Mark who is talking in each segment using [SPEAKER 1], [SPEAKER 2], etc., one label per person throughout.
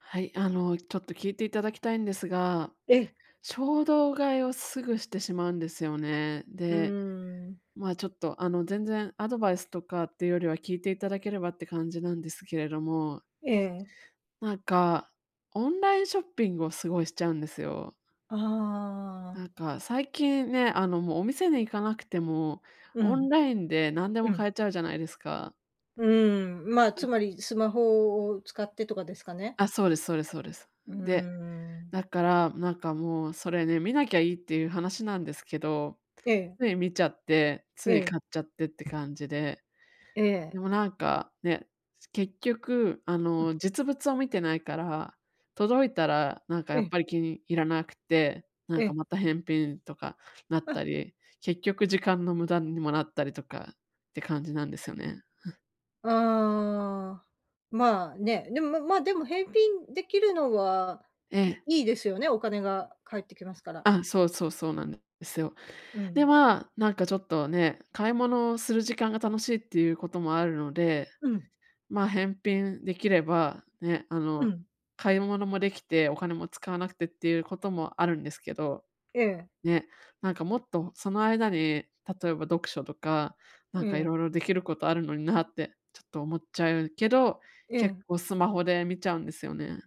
[SPEAKER 1] はい、あのちょっと聞いていただきたいんですが。
[SPEAKER 2] ええ。
[SPEAKER 1] 衝動買いをすぐしてしまうんですよね。
[SPEAKER 2] うー
[SPEAKER 1] で、
[SPEAKER 2] ん。
[SPEAKER 1] ま、ちょっとあの全然アドバイスとかっていうよりは聞いていただければって感じなんですけれども。
[SPEAKER 2] ええ。
[SPEAKER 1] なんか、オンラインショッピングをすごいしちゃうんですよ。
[SPEAKER 2] あ
[SPEAKER 1] な
[SPEAKER 2] あ。
[SPEAKER 1] んか最近ね、あのもうお店に行かなくても、
[SPEAKER 2] う
[SPEAKER 1] オン
[SPEAKER 2] ん。
[SPEAKER 1] ラインで何で
[SPEAKER 2] う
[SPEAKER 1] も
[SPEAKER 2] ん。
[SPEAKER 1] 買えちゃうじゃないですか。
[SPEAKER 2] うーん、ま、
[SPEAKER 1] な
[SPEAKER 2] つ
[SPEAKER 1] んか。
[SPEAKER 2] まりスマホを使ってとかですかね？
[SPEAKER 1] あ、そうですそうですそうです。
[SPEAKER 2] うー
[SPEAKER 1] で、
[SPEAKER 2] ん。
[SPEAKER 1] だから、なんか、もう、それね、見なきゃいいっていう話なんですけど、
[SPEAKER 2] ええ。
[SPEAKER 1] つい見ちゃって、つ
[SPEAKER 2] え
[SPEAKER 1] い
[SPEAKER 2] え。
[SPEAKER 1] 買っちゃってって感じで。
[SPEAKER 2] ええ。
[SPEAKER 1] でもなんか、ね、結局あ
[SPEAKER 2] うん。
[SPEAKER 1] の実物を見てないから、届いたらなんか
[SPEAKER 2] え
[SPEAKER 1] やっ
[SPEAKER 2] え。
[SPEAKER 1] ぱり気に入らなくて、なん
[SPEAKER 2] え
[SPEAKER 1] か
[SPEAKER 2] え。
[SPEAKER 1] また返品とかなっ
[SPEAKER 2] あ。
[SPEAKER 1] たり、結局時間の無駄にもなったりとかって感じなんですよね。ふ。
[SPEAKER 2] ああ、まあね。でも、まま、でも返品できるのは、い
[SPEAKER 1] ええ。
[SPEAKER 2] いいですよね、お金が返ってきますから。
[SPEAKER 1] あ、そうそう、そうなんですよ。
[SPEAKER 2] う
[SPEAKER 1] で、
[SPEAKER 2] ん。
[SPEAKER 1] まあ、なんかちょっとね、買い物をする時間が楽しいっていうこともあるので、
[SPEAKER 2] うん。
[SPEAKER 1] ま、返品できれば、ね、あ
[SPEAKER 2] う
[SPEAKER 1] の
[SPEAKER 2] ん。
[SPEAKER 1] 買い物もできて、お金も使わなくてっていうこともあるんですけど。
[SPEAKER 2] ええ。
[SPEAKER 1] ね、なんかもっとその間に例えば読書とか、なん
[SPEAKER 2] う
[SPEAKER 1] か
[SPEAKER 2] ん。
[SPEAKER 1] 色々できることあるのになってちょっと思っちゃうけど、
[SPEAKER 2] え
[SPEAKER 1] 結
[SPEAKER 2] え。
[SPEAKER 1] 構スマホで見ちゃうんですよね。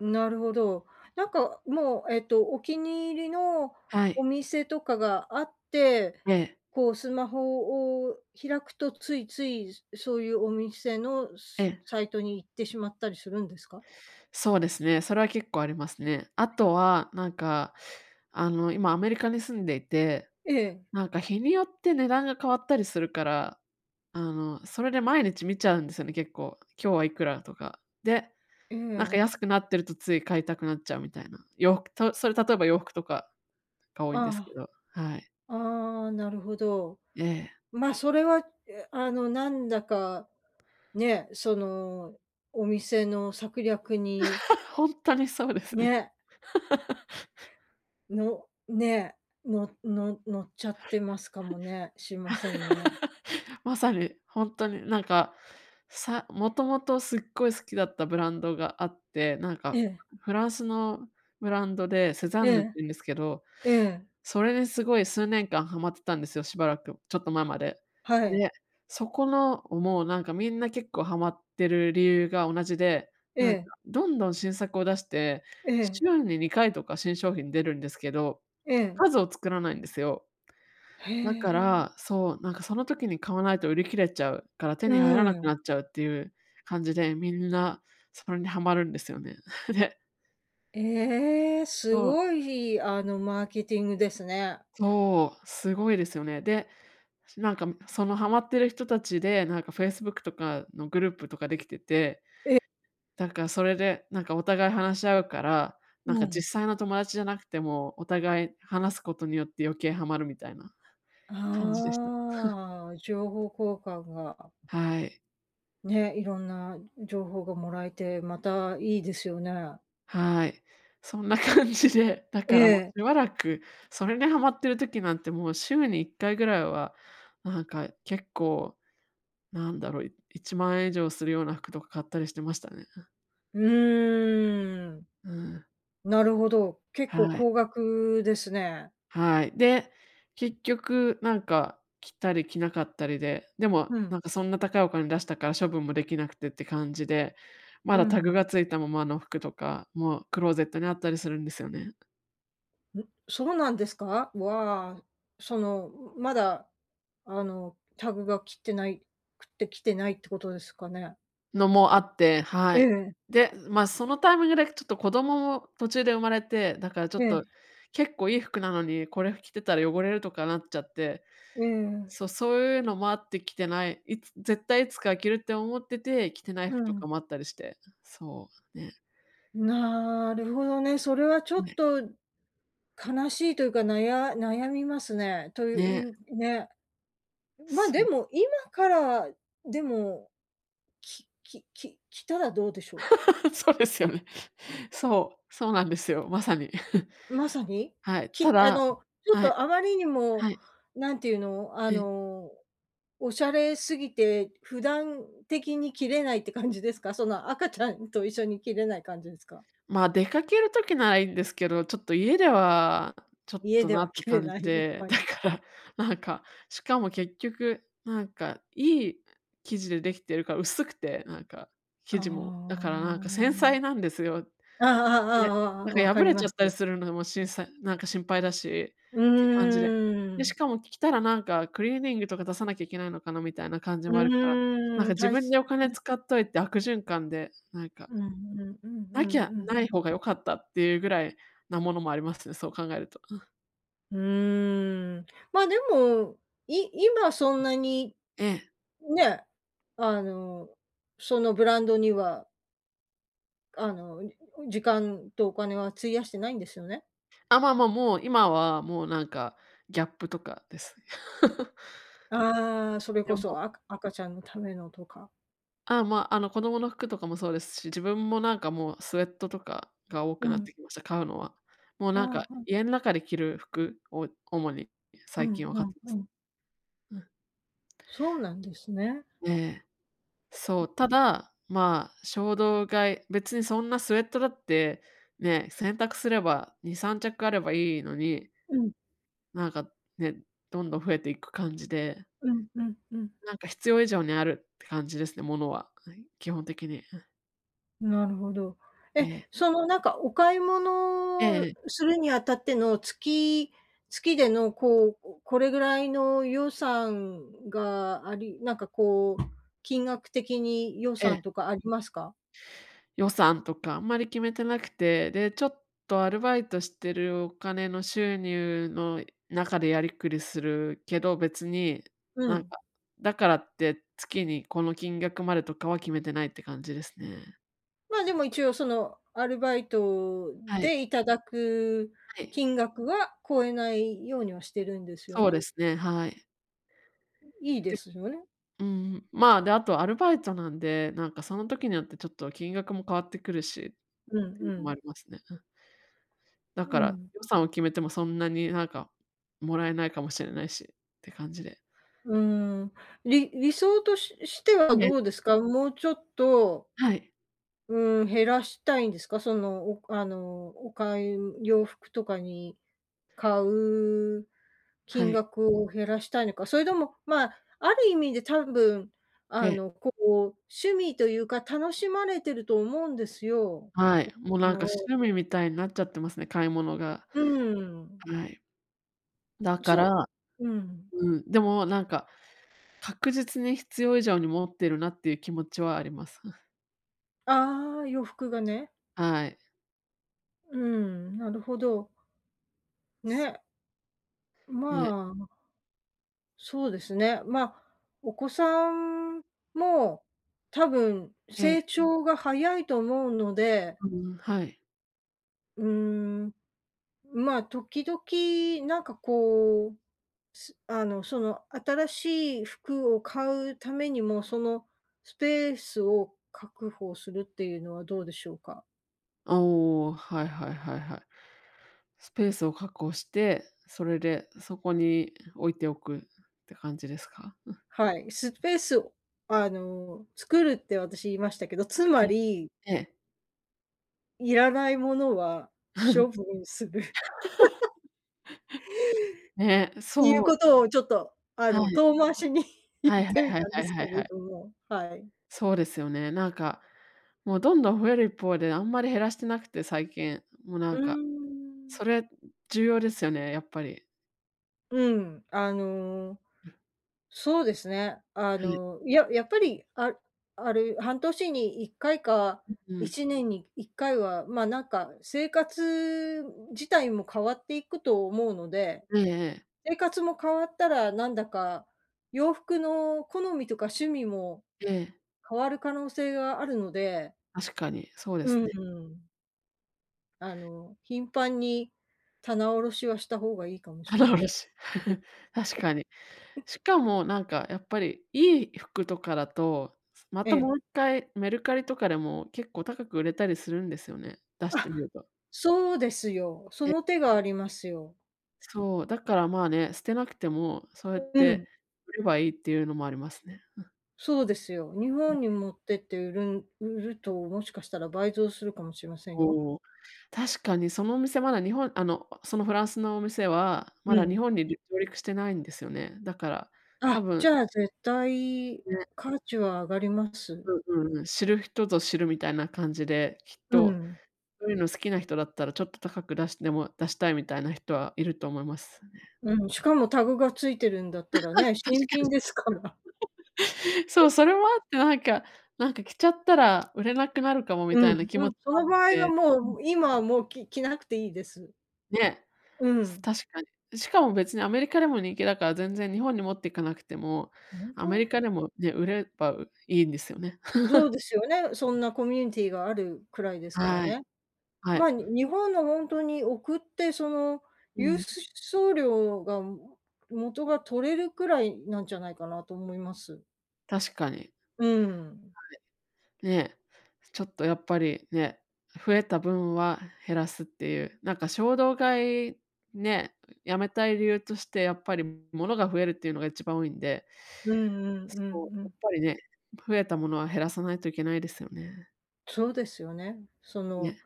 [SPEAKER 2] なるほど。なんか、もう、えっと、お気に入りの
[SPEAKER 1] は
[SPEAKER 2] お
[SPEAKER 1] い。
[SPEAKER 2] 店とかがあって、
[SPEAKER 1] ええ。
[SPEAKER 2] こうスマホを開くと、ついついそういうお店の
[SPEAKER 1] え
[SPEAKER 2] さ
[SPEAKER 1] え。
[SPEAKER 2] サイトに行ってしまったりするんですか？
[SPEAKER 1] そうですね、それは結構ありますね。あとは、なんか、あの、今アメリカに住んでいて、
[SPEAKER 2] ええ。
[SPEAKER 1] なんか、日によって値段が変わったりするから、あの、それで毎日見ちゃうんですよね、結構。今日はいくらとか。で、
[SPEAKER 2] え
[SPEAKER 1] なんか、
[SPEAKER 2] ん。
[SPEAKER 1] 安くなってるとつい買いたくなっちゃうみたいな。洋服とそれ例えば洋服とか、が多いんですけ
[SPEAKER 2] あ
[SPEAKER 1] ど、はい。
[SPEAKER 2] あ。ああ、なるほど。
[SPEAKER 1] ええ。
[SPEAKER 2] ま、それはいやあの、なんだか、ね、そのお店の策略に
[SPEAKER 1] 本当にそうですね。
[SPEAKER 2] ね。の、ね、のの乗っちゃってますかもね、しませんね。
[SPEAKER 1] まさに。ほんとになんか、さもともとすっごい好きだったブランドがあって、なん
[SPEAKER 2] え
[SPEAKER 1] か
[SPEAKER 2] え。
[SPEAKER 1] フランスのブランドでセザ
[SPEAKER 2] え
[SPEAKER 1] ンヌって
[SPEAKER 2] え。
[SPEAKER 1] いうんですけど、
[SPEAKER 2] ええ。
[SPEAKER 1] それですごい数年間はまってたんですよ、しばらく、ちょっと前まで。
[SPEAKER 2] はい。
[SPEAKER 1] で、そこの、もうなんかみんな結構ハマってる理由が同じで、
[SPEAKER 2] え
[SPEAKER 1] なんか
[SPEAKER 2] え。
[SPEAKER 1] どんどん新作を出して
[SPEAKER 2] ええ。
[SPEAKER 1] 週に2回とか新商品出るんですけど、
[SPEAKER 2] ええ。
[SPEAKER 1] 数を作らないんですよ。
[SPEAKER 2] へ
[SPEAKER 1] だか
[SPEAKER 2] え。
[SPEAKER 1] ら、そう、なんかその時に買わないと売り切れちゃうから手
[SPEAKER 2] う
[SPEAKER 1] に入らな
[SPEAKER 2] ー
[SPEAKER 1] くな
[SPEAKER 2] ん。
[SPEAKER 1] っちゃうっていう感じで、みんなそれにハマるんですよね。で。
[SPEAKER 2] ええ、
[SPEAKER 1] う
[SPEAKER 2] す
[SPEAKER 1] ん。
[SPEAKER 2] ごい、あのマーケティングですね。
[SPEAKER 1] そう、すごいですよね。で、なんかそのハマってる人たちで、なんかフェイスブックとかのグループとかできてて、
[SPEAKER 2] え。
[SPEAKER 1] だからそれで、なんかお互い話し合うから、なん
[SPEAKER 2] う
[SPEAKER 1] か実
[SPEAKER 2] ん。
[SPEAKER 1] 際の友達じゃなくても、お互い話すことによって余計ハマるみたいな、感じでした。
[SPEAKER 2] ああ、情報交換が。
[SPEAKER 1] はい。
[SPEAKER 2] ね。色んな情報がもらえて、また、いいですよね。
[SPEAKER 1] はい、そんな感じで。だ
[SPEAKER 2] え
[SPEAKER 1] からもう、し
[SPEAKER 2] え。
[SPEAKER 1] ばらく、それにハマってる時なんて、もう週に1回ぐらいは、なんか結構、なんだろう、1万円以上するような服とか、買ったりしてましたね。
[SPEAKER 2] うーん。
[SPEAKER 1] うん。
[SPEAKER 2] なるほど。結構、
[SPEAKER 1] はい。
[SPEAKER 2] 高額ですね。
[SPEAKER 1] はい。で、結局なんか、着たり着なかったりで、でも
[SPEAKER 2] う
[SPEAKER 1] な
[SPEAKER 2] ん。
[SPEAKER 1] んか、そんな高いお金出したから、処分もできなくてって感じで。ま
[SPEAKER 2] う
[SPEAKER 1] だ、タグ
[SPEAKER 2] ん。
[SPEAKER 1] が付いたままの服とかも、クローゼットにあったりするんですよね。
[SPEAKER 2] ん、そうなんですか？わあ。その、まだ、あの。タグが切ってないくって、着てないってことですかね。
[SPEAKER 1] のもあって。
[SPEAKER 2] え
[SPEAKER 1] はい。
[SPEAKER 2] え。
[SPEAKER 1] で、ま、そのタイミングでちょっと、子供も途中で生まれて。だからちょ
[SPEAKER 2] え
[SPEAKER 1] っと、
[SPEAKER 2] え。
[SPEAKER 1] 結構いい服なのに、これ着てたら汚れるとかなっちゃって。
[SPEAKER 2] ええ。
[SPEAKER 1] そう、そういうのもあって、着てない。いつ絶対いつか着るって思ってて、着てない
[SPEAKER 2] う
[SPEAKER 1] 服と
[SPEAKER 2] ん。
[SPEAKER 1] かもあったりして。そう、ね。
[SPEAKER 2] なるほどね。それはちょっ
[SPEAKER 1] ね。
[SPEAKER 2] と、悲しいというか。なや悩みますね。というい
[SPEAKER 1] ね。
[SPEAKER 2] うね。まあ
[SPEAKER 1] う
[SPEAKER 2] で
[SPEAKER 1] ん。
[SPEAKER 2] も、今からでも、ききき着たらどうでしょう？
[SPEAKER 1] そうですよね。そう、そうなんですよ。まさに。
[SPEAKER 2] まさ に、
[SPEAKER 1] はい、た
[SPEAKER 2] き、あ
[SPEAKER 1] だ
[SPEAKER 2] の、ちょっ
[SPEAKER 1] はい。
[SPEAKER 2] と、あまりにも、
[SPEAKER 1] はい。
[SPEAKER 2] なんて言うの。あ
[SPEAKER 1] ええ。
[SPEAKER 2] の、おしゃれすぎて、普段的に着れないって感じですか？その、赤ちゃんと一緒に、着れない感じですか？
[SPEAKER 1] まあ、出かける時なら、いいんですけど。ちょっと家では、ちょっ
[SPEAKER 2] 家
[SPEAKER 1] と
[SPEAKER 2] で
[SPEAKER 1] な
[SPEAKER 2] は
[SPEAKER 1] って
[SPEAKER 2] 着れ
[SPEAKER 1] 感じ
[SPEAKER 2] ない。やっ
[SPEAKER 1] で。
[SPEAKER 2] ぱ
[SPEAKER 1] だ
[SPEAKER 2] り。
[SPEAKER 1] からなんか、しかも結局なんか、いい生地でできてるから、薄くて。なんか、
[SPEAKER 2] あ
[SPEAKER 1] 生地も。だからなんか、繊
[SPEAKER 2] あ。
[SPEAKER 1] 細なんですよ。
[SPEAKER 2] あああああ
[SPEAKER 1] ね、
[SPEAKER 2] ああああ
[SPEAKER 1] なん
[SPEAKER 2] あ。分
[SPEAKER 1] か、
[SPEAKER 2] か
[SPEAKER 1] 破
[SPEAKER 2] り
[SPEAKER 1] れち
[SPEAKER 2] ま
[SPEAKER 1] ゃったり
[SPEAKER 2] す。
[SPEAKER 1] するのも、しんさなんか、心配だし
[SPEAKER 2] う
[SPEAKER 1] って感じで。
[SPEAKER 2] ー
[SPEAKER 1] で、し
[SPEAKER 2] ん。
[SPEAKER 1] かも、着たらなんか、クリーニングとか出さなきゃいけないのかな、みたいな感じ
[SPEAKER 2] う
[SPEAKER 1] もあるから。なん
[SPEAKER 2] ー
[SPEAKER 1] か、
[SPEAKER 2] ん、
[SPEAKER 1] 自
[SPEAKER 2] た
[SPEAKER 1] 分
[SPEAKER 2] し。
[SPEAKER 1] にお金
[SPEAKER 2] [unintelligible]
[SPEAKER 1] 使っといて、悪循環で。なんか。
[SPEAKER 2] うんうんうん
[SPEAKER 1] な
[SPEAKER 2] う
[SPEAKER 1] き
[SPEAKER 2] ん
[SPEAKER 1] ゃ
[SPEAKER 2] うん。
[SPEAKER 1] ない方が良かった、っていうぐらいなものもありますね。そう考えると。
[SPEAKER 2] うーん、ま、でもい今そんなに
[SPEAKER 1] ええ。
[SPEAKER 2] ね、あの、そのブランドにはあの、時間とお金は費やしてないんですよね？
[SPEAKER 1] あ、まま、もう今はもうなんか、ギャップとかです。
[SPEAKER 2] ああ、それ
[SPEAKER 1] いや、
[SPEAKER 2] こ
[SPEAKER 1] もう
[SPEAKER 2] そ赤赤ちゃんのためのとか。
[SPEAKER 1] あ、ま、あの子供の服とかもそうですし、自分もなんかもう、スウェットとかが多
[SPEAKER 2] う
[SPEAKER 1] くなっ
[SPEAKER 2] ん。
[SPEAKER 1] てきました、買うのは。もうなんか、
[SPEAKER 2] あ、うん。
[SPEAKER 1] 家ん中で着る服を主に
[SPEAKER 2] うん
[SPEAKER 1] 最近は
[SPEAKER 2] う
[SPEAKER 1] 買っ
[SPEAKER 2] ん
[SPEAKER 1] てま
[SPEAKER 2] う
[SPEAKER 1] す。
[SPEAKER 2] ん。
[SPEAKER 1] うん。
[SPEAKER 2] そうなんですね。
[SPEAKER 1] ええ。そう、ただ、まあ、衝動買い別にそんなスウェットだってね、洗濯すれば2、3着あればいいのに
[SPEAKER 2] うん。
[SPEAKER 1] なんかね、どんどん増えていく感じで
[SPEAKER 2] うんうんうん。
[SPEAKER 1] なんか必要以上にあるって感じですね、物はうん、基本的に、うん。
[SPEAKER 2] なるほど。
[SPEAKER 1] え
[SPEAKER 2] え、
[SPEAKER 1] え。
[SPEAKER 2] そのなんかお買い
[SPEAKER 1] ええ
[SPEAKER 2] 物
[SPEAKER 1] ええ。
[SPEAKER 2] するにあたっての月月でのこう、これぐらいの予算がありなんかこう金額的に予
[SPEAKER 1] ええ。
[SPEAKER 2] 算とかありますか？
[SPEAKER 1] 予算とかあんまり決めてなくて、で、ちょっとアルバイトしてるお金の収入の中でやりくりするけど、別に
[SPEAKER 2] う
[SPEAKER 1] なん
[SPEAKER 2] ん。
[SPEAKER 1] か、だからって月にこの金額までとかは決めてないって感じですね。
[SPEAKER 2] ま、でも一応その、アルバイト
[SPEAKER 1] はい。
[SPEAKER 2] でいただく
[SPEAKER 1] はい。
[SPEAKER 2] 金額は超えないようにはしてるんですよ
[SPEAKER 1] そう
[SPEAKER 2] ね？
[SPEAKER 1] ですね、はい。
[SPEAKER 2] うん、いいで
[SPEAKER 1] で。
[SPEAKER 2] すよね。
[SPEAKER 1] うん、まあ、で、あとアルバイトなんで、なんかその時によってちょっと金額も変わってくるし、っ
[SPEAKER 2] うん
[SPEAKER 1] てい
[SPEAKER 2] う
[SPEAKER 1] うのもあ
[SPEAKER 2] ん。
[SPEAKER 1] りますね。うん。だ
[SPEAKER 2] う
[SPEAKER 1] から、
[SPEAKER 2] ん。
[SPEAKER 1] 予算を決めても、そんなになんかもらえないかもしれないしって感じで。
[SPEAKER 2] うーん。り理想とししては
[SPEAKER 1] ん
[SPEAKER 2] ど
[SPEAKER 1] ね。
[SPEAKER 2] うですか？もうちょっと
[SPEAKER 1] はい。
[SPEAKER 2] うん、減らしたいんですか？そのおあの、お買い洋服とかに買う
[SPEAKER 1] は
[SPEAKER 2] 金
[SPEAKER 1] い。
[SPEAKER 2] 額を減らしたいのか、それとも、まあ、ある意味で多分
[SPEAKER 1] え
[SPEAKER 2] あ
[SPEAKER 1] え。
[SPEAKER 2] の、こう、趣味というか楽しまれてると思うんですよ。
[SPEAKER 1] はい。もう
[SPEAKER 2] お、
[SPEAKER 1] なん
[SPEAKER 2] の
[SPEAKER 1] か
[SPEAKER 2] を。
[SPEAKER 1] 趣味みたいになっちゃってますね、買い物が。
[SPEAKER 2] うん。
[SPEAKER 1] はい。だか
[SPEAKER 2] そ
[SPEAKER 1] ら
[SPEAKER 2] うん。
[SPEAKER 1] うん、でもなんか確実に必要以上に持ってるなっていう気持ちはあります。
[SPEAKER 2] ああ、洋服がね。
[SPEAKER 1] はい。
[SPEAKER 2] うん、なるほど。ね。
[SPEAKER 1] ね。
[SPEAKER 2] まあ。そうですね。まあ、お子さんもう、多分
[SPEAKER 1] ええ。
[SPEAKER 2] 成長が早いと思うので。
[SPEAKER 1] うん、はい。
[SPEAKER 2] うーん、まあ、時々なんかこう、すあのその新しい服を買うためにも、そのスペースを確保するっていうのはどうでしょうか？
[SPEAKER 1] ああ、はいはいはいはい。スペースを確保して、それでそこに置いておくって感じですか？うん。
[SPEAKER 2] はい、スペースを、あの、作るって私言いましたけど、つま
[SPEAKER 1] ええ、
[SPEAKER 2] り
[SPEAKER 1] ええ。
[SPEAKER 2] いらないものは、処 分する。
[SPEAKER 1] ね、
[SPEAKER 2] ていう
[SPEAKER 1] そう。
[SPEAKER 2] ことをちょっとあ
[SPEAKER 1] は
[SPEAKER 2] の
[SPEAKER 1] い。
[SPEAKER 2] 遠回しに、言
[SPEAKER 1] は
[SPEAKER 2] っ
[SPEAKER 1] いはい
[SPEAKER 2] てみ
[SPEAKER 1] はい
[SPEAKER 2] たん
[SPEAKER 1] は
[SPEAKER 2] で
[SPEAKER 1] い
[SPEAKER 2] す
[SPEAKER 1] は
[SPEAKER 2] け
[SPEAKER 1] いは
[SPEAKER 2] れ
[SPEAKER 1] い。
[SPEAKER 2] ども、はい。
[SPEAKER 1] そうですよね、なんか、もうどんどん増える一方であんまり減らしてなくて、最近。もうな
[SPEAKER 2] う
[SPEAKER 1] ん
[SPEAKER 2] ー
[SPEAKER 1] か、
[SPEAKER 2] ん。
[SPEAKER 1] それ重要ですよね、やっぱり。
[SPEAKER 2] うん、あのそうですね。あ
[SPEAKER 1] はい。
[SPEAKER 2] の、いや、やっぱり、あある半年に1回か
[SPEAKER 1] うんう
[SPEAKER 2] い
[SPEAKER 1] ん。
[SPEAKER 2] ちねんに1回は、ま、なんか、生活自体も変わっていくと思うので、
[SPEAKER 1] ええええ。
[SPEAKER 2] 生活も変わったらなんだか、洋服の好みとか趣味も
[SPEAKER 1] ええ。
[SPEAKER 2] 変わる可能性があるので。
[SPEAKER 1] 確かにそうで
[SPEAKER 2] う
[SPEAKER 1] すね。
[SPEAKER 2] ん。あの、頻繁に棚下ろしはした方がいいかもしれ
[SPEAKER 1] 棚
[SPEAKER 2] ま
[SPEAKER 1] 卸
[SPEAKER 2] せん。
[SPEAKER 1] し、確かに。しかもなんかやっぱりいい服とかだと、ま
[SPEAKER 2] え
[SPEAKER 1] た
[SPEAKER 2] え。
[SPEAKER 1] もう1回メルカリとかでも結構高く売れたりするんですよね、出してみ
[SPEAKER 2] あ、
[SPEAKER 1] れば。
[SPEAKER 2] そうですよ、そ
[SPEAKER 1] で、
[SPEAKER 2] の手が
[SPEAKER 1] ね。
[SPEAKER 2] ありますよ。
[SPEAKER 1] そう、だから、まあ、ね、捨てなくてもそうやっ
[SPEAKER 2] うん。
[SPEAKER 1] て売ればいいっていうのもありますね、うん。
[SPEAKER 2] そうですよ、日本
[SPEAKER 1] [unintelligible]
[SPEAKER 2] に持ってって売るん売ると、もしかしたら倍増するかもしれませんよ。
[SPEAKER 1] おお。確かにそのお店まだ日本あのそのフランスのお店はま
[SPEAKER 2] う
[SPEAKER 1] だ日
[SPEAKER 2] ん。
[SPEAKER 1] 本にりゅ上陸してないんですよね。だから多
[SPEAKER 2] あ、じ
[SPEAKER 1] 分。
[SPEAKER 2] ゃあ、絶対、
[SPEAKER 1] ね。
[SPEAKER 2] 価値は上がります。
[SPEAKER 1] うんうんうん。知る人ぞ知るみたいな感じで、きっ
[SPEAKER 2] う
[SPEAKER 1] と
[SPEAKER 2] ん。
[SPEAKER 1] そういうの好きな人だったらちょっと高く出しても出したいみたいな人はいると思いますね。
[SPEAKER 2] うん、しかもタグが付いてるんだったら ね、
[SPEAKER 1] 確
[SPEAKER 2] 新品ですから。
[SPEAKER 1] かに。そう、それもあってなんかなんか着ちゃったら売れなくなるかもみ
[SPEAKER 2] う
[SPEAKER 1] た
[SPEAKER 2] ん
[SPEAKER 1] いな気
[SPEAKER 2] う
[SPEAKER 1] 持
[SPEAKER 2] ん、
[SPEAKER 1] ち
[SPEAKER 2] そ
[SPEAKER 1] もあっ
[SPEAKER 2] の場合は
[SPEAKER 1] て。う
[SPEAKER 2] も
[SPEAKER 1] ん。
[SPEAKER 2] う今はもうき着なくていいです。
[SPEAKER 1] ね、
[SPEAKER 2] う
[SPEAKER 1] す
[SPEAKER 2] ん。
[SPEAKER 1] 確かに。しかも別にアメリカでも人気だから全然日本に持っていかなくても、
[SPEAKER 2] 本
[SPEAKER 1] アメ
[SPEAKER 2] 当？
[SPEAKER 1] リカでもね、売ればいいんですよね。
[SPEAKER 2] そう ですよね、そんなコミュニティがあるくらいですから
[SPEAKER 1] はい。
[SPEAKER 2] ね。
[SPEAKER 1] は
[SPEAKER 2] ま
[SPEAKER 1] い。
[SPEAKER 2] あ、に日本の本当に送ってその
[SPEAKER 1] う
[SPEAKER 2] 郵
[SPEAKER 1] ん。
[SPEAKER 2] 送料が元が取れるくらいなんじゃないかなと思います。
[SPEAKER 1] 確かに、はい、
[SPEAKER 2] うーん。
[SPEAKER 1] ね、ちょっとやっぱりね、増えた分は減らすっていう、なんか衝動買いね、やめたい理由としてやっぱりものが増えるっていうのが一番多いんで、
[SPEAKER 2] うんうんう
[SPEAKER 1] そう、
[SPEAKER 2] んう
[SPEAKER 1] やっ
[SPEAKER 2] ん。
[SPEAKER 1] ぱりね、増えたものは減らさないといけないですよね。
[SPEAKER 2] そうですよね。そ
[SPEAKER 1] ね。
[SPEAKER 2] の、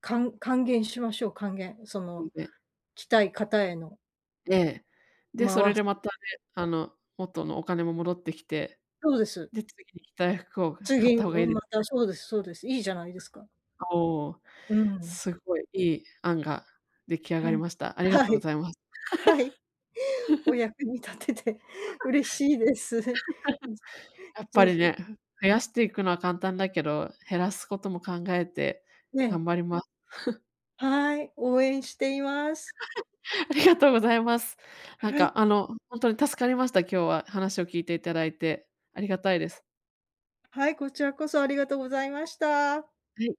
[SPEAKER 2] かん還元しましょう、還元、そ
[SPEAKER 1] うん、
[SPEAKER 2] の
[SPEAKER 1] ね。
[SPEAKER 2] 着たい方への。
[SPEAKER 1] ええ、で、それ
[SPEAKER 2] 回す。
[SPEAKER 1] でまたね、あの元のお金も戻ってきて、
[SPEAKER 2] そうです。
[SPEAKER 1] で、次に着たい服を買
[SPEAKER 2] 次、
[SPEAKER 1] った方がい
[SPEAKER 2] う
[SPEAKER 1] い
[SPEAKER 2] また、そうです、そうです、いいじゃないですか。
[SPEAKER 1] おお、
[SPEAKER 2] うん。
[SPEAKER 1] すごいいい案が出来上が
[SPEAKER 2] は
[SPEAKER 1] り
[SPEAKER 2] い、
[SPEAKER 1] ました。ありが
[SPEAKER 2] は
[SPEAKER 1] とうご
[SPEAKER 2] い。
[SPEAKER 1] ざいます。
[SPEAKER 2] はい。お 役に立てて嬉しいです。ぜ
[SPEAKER 1] やっぱり
[SPEAKER 2] ひ。
[SPEAKER 1] ね、増やしていくのは簡単だけど、減らすことも考えて
[SPEAKER 2] ね
[SPEAKER 1] 頑
[SPEAKER 2] え。
[SPEAKER 1] 張ります。
[SPEAKER 2] はい、応援しています。
[SPEAKER 1] ありがとうございます。なん
[SPEAKER 2] は
[SPEAKER 1] か、
[SPEAKER 2] い。
[SPEAKER 1] あの、本当に助かりました。今日は話を聞いていただいてありがたいです。
[SPEAKER 2] はい、こちらこそありがとうございました。
[SPEAKER 1] はい。